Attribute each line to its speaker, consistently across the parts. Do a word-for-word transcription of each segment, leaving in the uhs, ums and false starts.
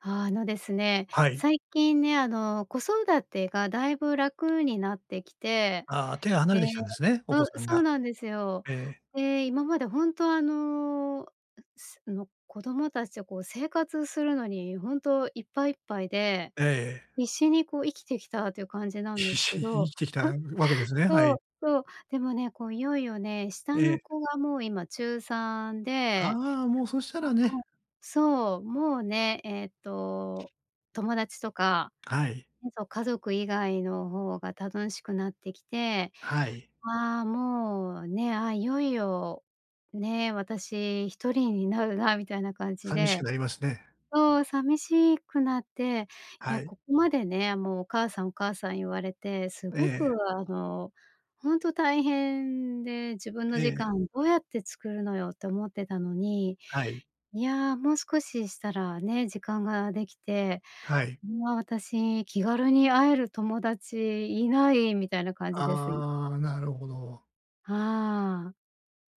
Speaker 1: あのですね。
Speaker 2: はい。
Speaker 1: 最近ね、あの、子育てがだいぶ楽になってきて、
Speaker 2: ああ、手が離
Speaker 1: で
Speaker 2: れてきたんですね、お
Speaker 1: あ、
Speaker 2: 子さん
Speaker 1: そう
Speaker 2: が。
Speaker 1: なんですよ。
Speaker 2: ええ。
Speaker 1: で、今まで本当あの、の子供たちを、こう、生活するのに本当いっぱいいっぱいで、
Speaker 2: ええ。
Speaker 1: 必死にこう、生きてきたという感じなんで
Speaker 2: 必
Speaker 1: す
Speaker 2: 死
Speaker 1: け
Speaker 2: に生
Speaker 1: ど、
Speaker 2: きてきたわけで すね。は
Speaker 1: そう
Speaker 2: い。
Speaker 1: そう。でもね、こう、いよいよね、
Speaker 2: え
Speaker 1: 下の
Speaker 2: え。
Speaker 1: 子がもう今ちゅうさんで、
Speaker 2: ああ、もうそしたらね。
Speaker 1: そう。もうね、ええっと、友達とか、
Speaker 2: はい。
Speaker 1: えぞ家族以外の方が楽しくなってきて、
Speaker 2: はい。
Speaker 1: ああ、もうね。あ、いよいよ、ね。私ひとりになるなみたいな感じ
Speaker 2: 寂し
Speaker 1: で
Speaker 2: くなりますね。
Speaker 1: そう。寂しいくなって、い
Speaker 2: は
Speaker 1: や
Speaker 2: い。
Speaker 1: ここまでね、もう「お母さん、お母さん」言われて、す
Speaker 2: え
Speaker 1: ごく
Speaker 2: え。
Speaker 1: あの、本当大変で、自分の時
Speaker 2: ええ。
Speaker 1: 間をどうやって作るのよって思ってたのに、
Speaker 2: はい。
Speaker 1: いや、もう少ししたらね。時間ができて、
Speaker 2: はい。
Speaker 1: いや私気軽に会える友達いない、みたいな感じです。い
Speaker 2: ああ、なるほど。
Speaker 1: は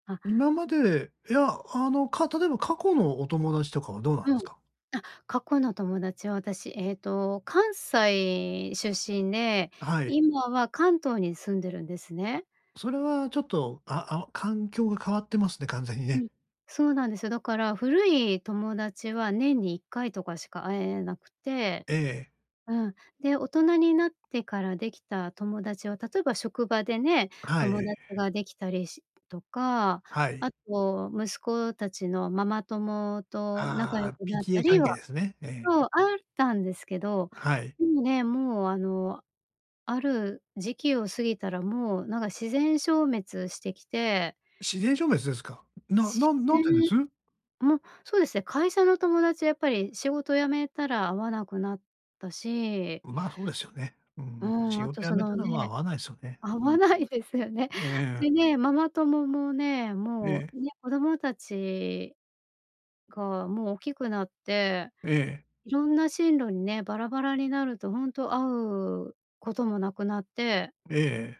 Speaker 1: あ。あ。
Speaker 2: 今まで、いや、あの、か例えば過去のお友達とかはどうなん
Speaker 1: うん。
Speaker 2: すか？
Speaker 1: あ、過去の友達は私、ええと、関西出身で、
Speaker 2: はい。
Speaker 1: 今は関東に住んでるんですね。
Speaker 2: それはちょっと、ああ、あお環境が変わってますね、完全に
Speaker 1: う
Speaker 2: ね。
Speaker 1: ん。そうなんですよ。だから古い友達は年にいっかいとかしか会えなくて、
Speaker 2: ええ。
Speaker 1: うん。で、大人になってからできた友達は、例えば職場でね、
Speaker 2: はい。
Speaker 1: 友達ができたりしとか、
Speaker 2: はい。
Speaker 1: あと息子たちのママ友と仲良
Speaker 2: ああ、
Speaker 1: くなった
Speaker 2: PTA
Speaker 1: り
Speaker 2: 関
Speaker 1: は
Speaker 2: 係ですね。ええ。
Speaker 1: そう。あったんですけど、
Speaker 2: はい。
Speaker 1: でもね、もうあの、ある時期を過ぎたら、もうなんか自然消滅してきて。
Speaker 2: 自然消滅ですか。な
Speaker 1: 自
Speaker 2: なん何でで
Speaker 1: 然
Speaker 2: す？
Speaker 1: もう、そうですね。会社の友達はやっぱり仕事辞めたら会わなくなったし。
Speaker 2: まあ、そうですよね。う
Speaker 1: う
Speaker 2: ん。
Speaker 1: ん。
Speaker 2: 仕
Speaker 1: あと
Speaker 2: 事辞
Speaker 1: そ
Speaker 2: め
Speaker 1: の
Speaker 2: たらまあ、会
Speaker 1: ね。
Speaker 2: わないすよね。
Speaker 1: 会
Speaker 2: う
Speaker 1: わ
Speaker 2: ん。
Speaker 1: ないですよね。
Speaker 2: ええ。
Speaker 1: でね、ママ友もね、も
Speaker 2: ええ。
Speaker 1: うね、子供たちが、もう大きくなって、
Speaker 2: ええ。
Speaker 1: いろんな進路にね、バラバラになるとほんと、会うこともなくなって。
Speaker 2: ええええ。